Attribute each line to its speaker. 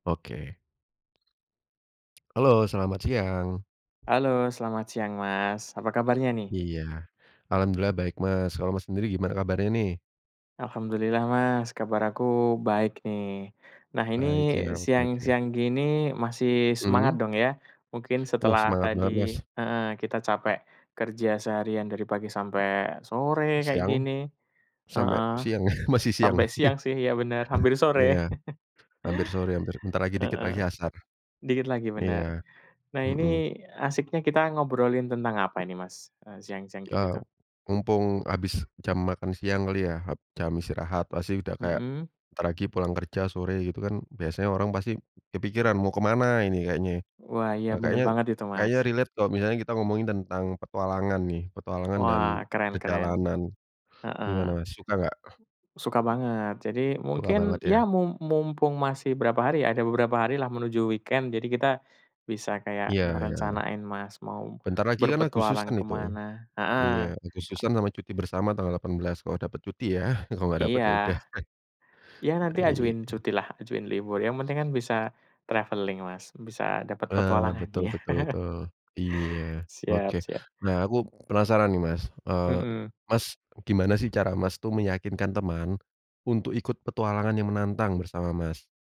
Speaker 1: Oke. Halo, selamat siang!
Speaker 2: Halo, selamat siang, Mas. Apa kabarnya, nih?
Speaker 1: Iya. Alhamdulillah, baik, Mas. Kalau Mas sendiri gimana kabarnya, nih?
Speaker 2: Alhamdulillah, Mas, kabar aku baik, nih. Nah, ini
Speaker 1: Baik, ya, oke oke.
Speaker 2: siang-siang gini, masih semangat,
Speaker 1: Mmm.
Speaker 2: dong, ya. Mungkin
Speaker 1: Uh,
Speaker 2: setelah
Speaker 1: semangat
Speaker 2: tadi,
Speaker 1: banget, Mas.
Speaker 2: heeh, kita capek kerja seharian dari pagi sampai sore, kayak
Speaker 1: Siang.
Speaker 2: gini.
Speaker 1: Sampai
Speaker 2: Heeh.
Speaker 1: siang, masih siang.
Speaker 2: Sampai siang, sih, ya, benar, hampir sore.
Speaker 1: Iya. Hampir sore, hampir, bentar lagi, dikit
Speaker 2: Heeh.
Speaker 1: lagi asar.
Speaker 2: Dikit lagi, benar.
Speaker 1: Iya.
Speaker 2: Nah, ini
Speaker 1: Heeh.
Speaker 2: asyiknya kita ngobrolin tentang apa ini, Mas, eee, siang-siang gini,
Speaker 1: Ah,
Speaker 2: tuh?
Speaker 1: mumpung habis jam makan siang kali, ya, hab Jam istirahat pasti udah kayak,
Speaker 2: Mhm.
Speaker 1: bentar lagi pulang kerja, sore, gitu, kan, biasanya orang pasti, kepikiran mau ke mana ini kayaknya?
Speaker 2: Wah, iya,
Speaker 1: Ah,
Speaker 2: benar
Speaker 1: kayaknya
Speaker 2: banget itu,
Speaker 1: kayaknya
Speaker 2: Mas.
Speaker 1: relate kalau misalnya kita ngomongin tentang petualangan, nih, petualangan dan
Speaker 2: Wah, keren keren.
Speaker 1: perjalanan. Gimana,
Speaker 2: Heeh.
Speaker 1: Mas, suka enggak?
Speaker 2: Suka banget. Jadi,
Speaker 1: Suka
Speaker 2: mungkin,
Speaker 1: banget,
Speaker 2: ya,
Speaker 1: ya.
Speaker 2: mum mumpung masih berapa hari, ada beberapa hari lah menuju weekend. Jadi, kita bisa kayak
Speaker 1: Iya iya.
Speaker 2: ngerencanain, Mas, mau
Speaker 1: Bentar lagi, kan,
Speaker 2: berpetualang
Speaker 1: Agustusan
Speaker 2: ke
Speaker 1: itu.
Speaker 2: mana?
Speaker 1: Iya,
Speaker 2: Heeh.
Speaker 1: Agustusan sama cuti bersama tanggal 18, kalau dapat cuti, ya. Kalau enggak dapat,
Speaker 2: Iya.
Speaker 1: ya, udah.
Speaker 2: Ya, nanti
Speaker 1: E iya,
Speaker 2: ajuin
Speaker 1: e
Speaker 2: cutilah, ajuin libur. Yang penting kan, bisa traveling, Mas, bisa dapat
Speaker 1: Ah, betul
Speaker 2: petualangannya.
Speaker 1: betul, tuh. Iya,
Speaker 2: Siap
Speaker 1: oke.
Speaker 2: siap.
Speaker 1: Nah, aku penasaran, nih, Mas, eee,
Speaker 2: Hmm.
Speaker 1: Mas, gimana, sih, cara, Mas, tuh meyakinkan teman untuk ikut petualangan yang menantang bersama, Mas?